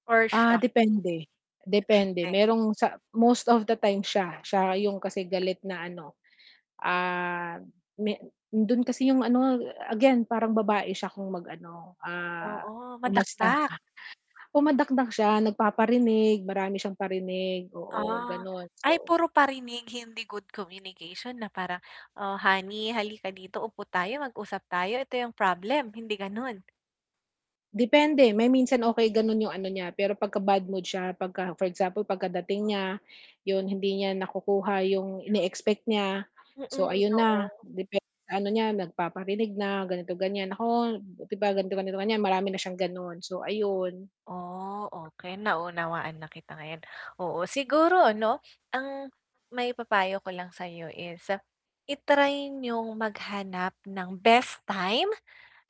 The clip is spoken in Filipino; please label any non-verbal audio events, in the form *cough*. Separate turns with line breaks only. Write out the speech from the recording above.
Or
Ah,
siya?
depende. Depende.
Hindi.
Merong sa most of the time siya. Siya 'yong kasi galit na ano, ah, me do'n kasi 'yong ano, again parang babae siya kung mag-ano, ah,
Oo,
umasta.
madakdak.
*scoffs* Oh, madakdak siya, nagpaparinig, marami siyang parinig, oo,
Ah.
gano'n.
Ay
So
puro parinig, hindi good communication na parang, "Ah, honey halika dito, upo tayo, mag-usap tayo. Ito yung problem." Hindi gano'n?
Depende, may minsan okey ganun yung ano niya, pero pagka bad mood siya, pagka for example pagkadating niya, yun hindi niya nakukuha yung ine-expect niya. So
Mm,
ayun na,
oo.
depen ano niya nagpaparinig na, ganito ganyan, naku, 'di ba ganito, ganito, ganyan. Marami na siyang gano'n. So, ayun.
Oh, okey, naunawaan na kita ngayon. Oo, siguro ano, ang maipapayo ko lang sayo is i-try nyong maghanap ng best time.